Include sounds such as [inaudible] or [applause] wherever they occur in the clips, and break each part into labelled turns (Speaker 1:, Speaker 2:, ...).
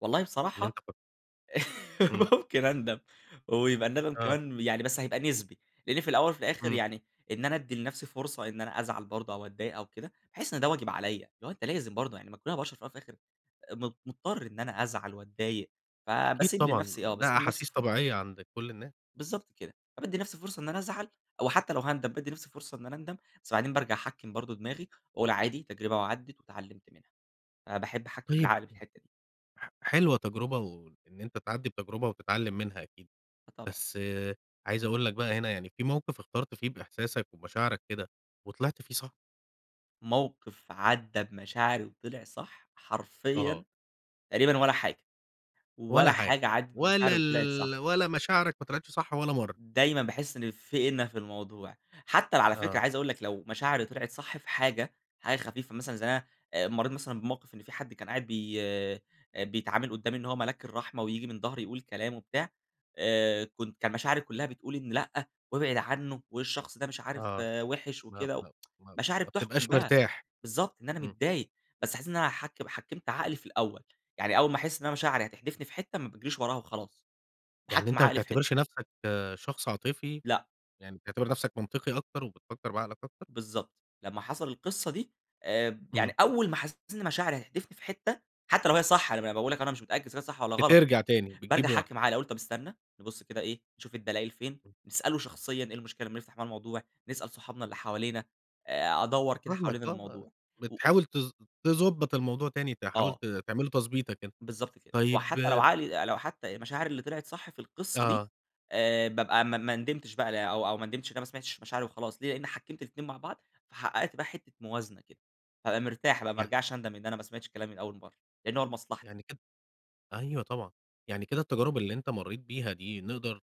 Speaker 1: والله
Speaker 2: إن أنت
Speaker 1: بصراحة،
Speaker 2: كنت إمم.
Speaker 1: [laughs] ممكن أندم ويبقى الندم
Speaker 2: آه.
Speaker 1: كمان يعني بس هيبقى نسبي، لأني في الأوّل وفي الآخر
Speaker 2: إمم.
Speaker 1: يعني إن أنا أدّي لنفسي فرصة إن أنا أزعل برضو أو أتضايق أو كده بأحس إن ده واجب عليَّ، لو أنت لازم برضو ما كلنا بشر في الأوّل والآخر م مضطر إن أنا أزعل وأتضايق،
Speaker 2: أكيد
Speaker 1: فبأسيب
Speaker 2: طبعًا،
Speaker 1: لنفسي آه،
Speaker 2: ده
Speaker 1: بأسيب لنفسي
Speaker 2: أحاسيس
Speaker 1: فرصة.
Speaker 2: طبيعية عند كل الناس. امم.
Speaker 1: بالضبط كده، فبأدي لنفسي فرصة إن أنا أزعل أو حتّى لو هأندم بأدي لنفسي فرصة إن أنا أندم، بس بعدين بأرجع أحكّم برضو دماغي وأقول عادي تجربة وعدت واتعلمت منها، فباحب أحكم
Speaker 2: طيب
Speaker 1: العقل في الحتّة دي.
Speaker 2: ح حلوة تجربة و وإن أنت تعدّي بتجربة وتتعلم منها أكيد.
Speaker 1: آه، طبعًا.
Speaker 2: بس عايز أقول لك بقى هنا يعني في موقف اخترت فيه بإحساسك ومشاعرك كده وطلعت فيه صح؟
Speaker 1: موقف عدى بمشاعري وطلع صح،
Speaker 2: آه.
Speaker 1: حرفيًا تقريبًا ولا حاجة،
Speaker 2: ولا
Speaker 1: ولا
Speaker 2: حاجة،
Speaker 1: حاجة عدت
Speaker 2: ولا
Speaker 1: بمشاعري وطلعت صح.
Speaker 2: ال ولا مشاعرك ما طلعتش صح ولا مرة.
Speaker 1: دايمًا بأحس إن في إنَّ في الموضوع، حتّى على فكرة
Speaker 2: آه.
Speaker 1: عايز أقول لك لو مشاعري طلعت صح في حاجة حاجة خفيفة مثلًا زي أنا مريت مثلًا بموقف إن فيه حد كان قاعد بي آآ، بيتعامل قدّامي إن هو ملاك الرحمة وييجي من ضهري يقول كلام وبتاع آآ، كنت كان مشاعري كلّها بتقول إن لأ وابعد عنّه والشخص ده مش عارف
Speaker 2: آه،
Speaker 1: وحش
Speaker 2: ما
Speaker 1: وكده،
Speaker 2: ما
Speaker 1: [tsk]
Speaker 2: ما
Speaker 1: مشاعري
Speaker 2: ما
Speaker 1: بتحّكم
Speaker 2: بتبقاش
Speaker 1: بقى
Speaker 2: مرتاح.
Speaker 1: بالضبط إن أنا
Speaker 2: إمم.
Speaker 1: متضايق، بس حسّيت إن أنا حكم حكّمت عقلي في الأوّل، يعني أوّل ما أحس إن أنا مشاعري هتحدفني في حتّة ما بأجريش وراها وخلاص،
Speaker 2: يعني
Speaker 1: بأحكّم
Speaker 2: أنت ما
Speaker 1: عقلي في حتّة.
Speaker 2: بتعتبرش نفسك شخص عاطفي،
Speaker 1: لأ.
Speaker 2: يعني بتعتبر نفسك منطقي أكتر وبتفكر بعقلك أكتر؟
Speaker 1: بالضبط، لمّا حصل القصّة دي آآ، يعني
Speaker 2: إمم.
Speaker 1: أوّل ما حسّيت إن مشاعري هتحدفني في حتّة، حتّى لو هي صح أنا بأقول لك أنا مش متأكّد إذا كانت صح والّا غلط،
Speaker 2: بترجع تاني،
Speaker 1: بأرجع
Speaker 2: بتجيب ورا.
Speaker 1: أحكّم عقلي أقول طب استنى نبص كده إيه نشوف الدلائل فين،
Speaker 2: امم.
Speaker 1: نسأله شخصيًا إيه المشكلة أمّا نفتح معاه الموضوع، نسأل صحابنا اللي حوالينا آآ، أدوّر كده
Speaker 2: فاهمك
Speaker 1: حوالين
Speaker 2: آه،
Speaker 1: الموضوع و
Speaker 2: بتحاول ت تضبط الموضوع تاني، تحاول
Speaker 1: آه.
Speaker 2: تعمل له تضبيطة كده.
Speaker 1: بالضبط كده،
Speaker 2: طيب
Speaker 1: وحتّى لو
Speaker 2: آآ
Speaker 1: عقلي لو حتّى المشاعر اللي طلعت صح في القصّة دي
Speaker 2: آه.
Speaker 1: آآ، بأبقى ما ما ندمتش بقى أو أو ما ندمتش إن أنا ما سمعتش مشاعري وخلاص ليه؟ لأني حكّمت الاتنين مع بعض، فحققت بقى حتّة موازنة كده، فأبقى مرتاح بقى ما
Speaker 2: ي
Speaker 1: أرجعش أندم إن أنا ما سمعتش كلامي من أوّل مرّة، لأنّه هو لمصلحتي.
Speaker 2: يعني كده أيوَه طبعًا، يعني كده التجارب اللي أنت مريت بيها دي نقدر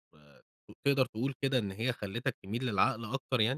Speaker 2: تقدر تقول كده إن هي خلتك تميل للعقل أكتر يعني؟